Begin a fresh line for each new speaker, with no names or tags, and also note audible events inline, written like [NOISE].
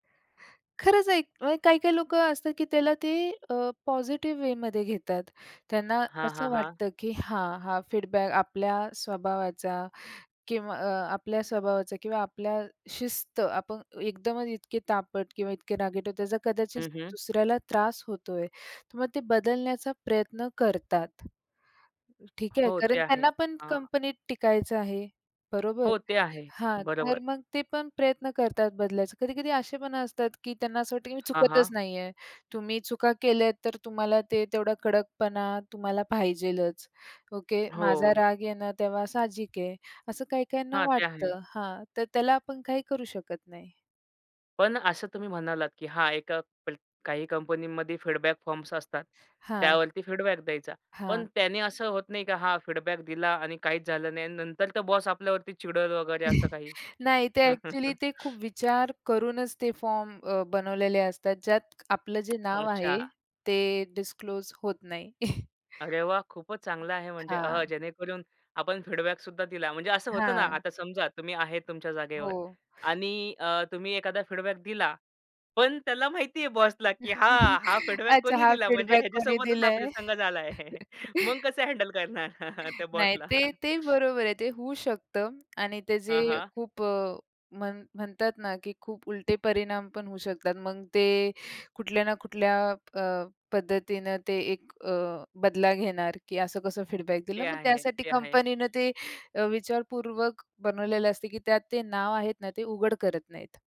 खरंच आहे. म्हणजे काही-काही लोकं असतात की त्याला ते अ, पॉझिटिव्ह वेमध्ये घेतात. त्यांना
हां,
असं
हां, हां.
वाटतं की हां, हा, फीडबॅक आपल्या स्वभावाचा किंव अ आपल्या स्वभावाचा किंवा आपल्या शिस्त आपण अ एकदमच इतके तापट किंवा इतके रागीट आहोत याचा कदाचित
हं, हं.
दुसऱ्याला त्रास होतोय, तर मग ते बदलण्याचा प्रयत्न करतात. ठीक आहे?
हो,
कारण
ते आहे.
त्यांना पण
हां.
कंपनीत टिकायचं आहे, बरोबर?
हो, ते आहे.
हां, तर
बरोबर.
मग ते पण प्रयत्न करतात बदलायचा. कधी-कधी असे पण असतात की त्यांना असं वाटतं की मी
हां,
चुकतच
हां.
नाही आहे. तुम्ही चुका केल्या तर तुम्हाला ते तेवढा कडकपणा तुम्हाला पाहिजेच, ओके. माझा
हो.
राग येणं तेव्हा साहजिक आहे. असं काही-काहींना
हां, ते आहे.
वाटतं हां, तर त्याला आपण काही करू शकत नाही.
पण असं तुम्ही म्हणालात की "हां एका प काही कंपनीमध्ये फीडबॅक फॉर्म्स असतात.
हां.
त्यावरती फीडबॅक द्यायचा." पण
हां.
त्याने असं होत नाही की हा फीडबॅक दिला आणि काहीच झालं नाही आणि नंतर तर बॉस आपल्यावरती चिडेल वगैरे असं
[CHUCKLES]
काही?
नाही, ते एक्चुअली
[CHUCKLES]
ते खूप विचार करूनच ते फॉर्म अ, बनवलेले असतात. ज्यात आपलं जे नाव आहे,
अच्छा.
ते डिस्क्लोज होत नाही. [CHUCKLES]
अरे वाह! खूपच चांगलं आहे म्हणजे.
हां.
अह, जेणेकरून आपण फीडबॅकसुद्धा दिला. म्हणजे असं होतं ना,
हां.
आता समजा तुम्ही आहेत तुमच्या जागेवर
हो.
आणि अ, तुम्ही एखादा फीडबॅक दिला. पण त्याला माहितीये बॉसला की हां, हा
[LAUGHS]
फीडबॅक
अच्छा,
कोणी
हा
दिला म्हणजे
फीडबॅक कोणी
ह्याच्यासोबतच हा
दिलंय.
प्रसंग झालाय. मग
[CHUCKLES]
कसं हँडल करणार
[CHUCKLES]
त्या
नाही,
बॉसला?
ते, ते बरोबर आहे. ते होऊ शकतं आणि ते जे
हां, हां.
खूप अ, म्हण म्हणतात ना की खूप उलटे परिणाम पण होऊ शकतात. मग ते कुठल्या ना कुठल्या अ, पद्धतीनं ते एक अ, बदला घेणार, की असं कसं फीडबॅक दिलं.
ते
मग
आहे,
त्यासाठी
ते आहे.
कंपनीनं ते अ, विचारपूर्वक बनवलेलं असते की त्यात ते नाव आहेत ना, ते उघड करत नाहीत.